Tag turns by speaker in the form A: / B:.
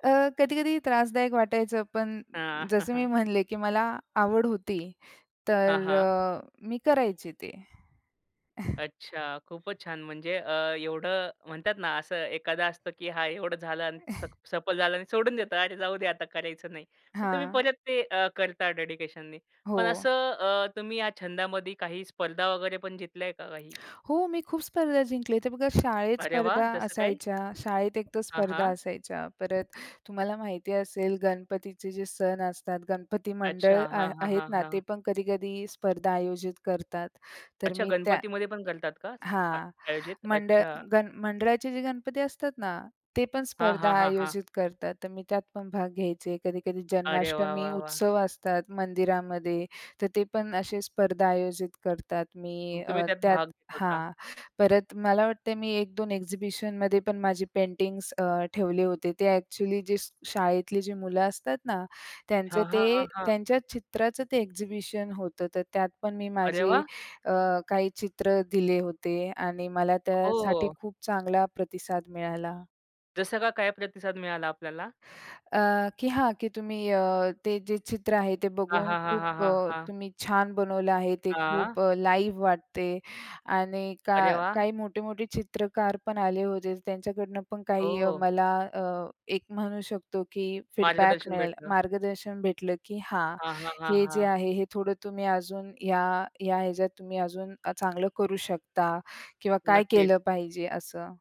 A: अ, कधी-कधी त्रासदायक वाटायचं. पण जसं मी म्हणले, की मला आवड होती.
B: हां,
A: तर
B: हां.
A: अ, मी करायची ते.
B: अच्छा. खूपच छान. म्हणजे अ, एवढं म्हणतात ना असं एखादा असतं, की हा एवढं झालं अन् स सफल झालं आणि सोडून देतात. अरे! जाऊ दे आता करायचं नाही. पण तुम्ही
A: हां.
B: परत ते अ, करता डेडिकेशननी. पण
A: हो.
B: असं अ, तुम्ही या छंदामध्ये काही स्पर्धा वगैरे पण जितल्या आहे का काही?
A: हो. मी खूप स्पर्धा जिंकल्या. तर बघा शाळेत
B: अरे वाह!
A: स्पर्धा
B: जसं काही?
A: असायच्या. शाळेत एक तर
B: हां,
A: स्पर्धा
B: हां.
A: असायच्या. परत तुम्हाला माहिती असेल गणपतीचे जे सण असतात गणपती
B: अच्छा
A: मंडळ आ
B: हां, हां,
A: आहेत
B: हां,
A: ना, ते
B: हां.
A: पण कधी-कधी स्पर्धा आयोजित करतात. तर
B: अच्छा.
A: मी त्या
B: गणपतीमध्ये पण करतात का अ
A: हां,
B: आयोजित?
A: मंडळ
B: अच्छा.
A: गण मंडळाचे जे गणपती असतात ना ते पण
B: हां,
A: स्पर्धा
B: हां, हां, हां.
A: आयोजित करतात. तर मी त्यात पण भाग घ्यायचे. कधी-कधी
B: अरे वाह,
A: जन्माष्टमी
B: वाह, वाह!
A: उत्सव असतात मंदिरामध्ये. तर ते पण असे स्पर्धा आयोजित करतात.
B: मग
A: मी अ,
B: तुम्ही त्यात
A: त्यात
B: भाग घेता का?
A: हां. परत मला वाटते मी 1-2 एक्झिबिशनमध्ये पण माझे पेंटिंग्स अ, ठेवले होते. ते एक्चुली जे शाळेतली जी मुलं असतात ना, त्यांचं
B: हां, हां,
A: ते
B: हां, हां.
A: त्यांच्या चित्राचं ते एक्झिबिशन होतं. तर त्यात पण मी
B: अरे
A: माझे
B: वाह!
A: अ, काही चित्र दिले होते आणि मला त्यासाठी
B: हो.
A: खूप चांगला प्रतिसाद मिळाला.
B: जसं का काय प्रतिसाद मिळाला आपल्याला?
A: अ, की हां की अ, तुम्ही ते जे चित्र आहे ते
B: हां,
A: बघून
B: हां, हां,
A: खूप
B: हां, हां,
A: अ,
B: हां.
A: तुम्ही छान बनवलं आहे. ते
B: हां.
A: खूप लाईव्ह वाटते आणि का
B: अरे वाह!
A: काही मोठे-मोठे चित्रकार पण आले होते. त्यांच्याकडनं पण काही अ,
B: हो.
A: मला अ, एक म्हणू शकतो की फीडबॅक
B: मार्गदर्शन
A: मिळेल,
B: भेटलं.
A: मार्गदर्शन भेटलं, की हा
B: हां, हां, हां,
A: हे जे
B: हां.
A: आहे हे थोडं तुम्ही अजून या या ह्याच्यात तुम्ही अजून चांगलं करू शकता किंवा काय
B: नक्कीच.
A: केलं पाहिजे असं.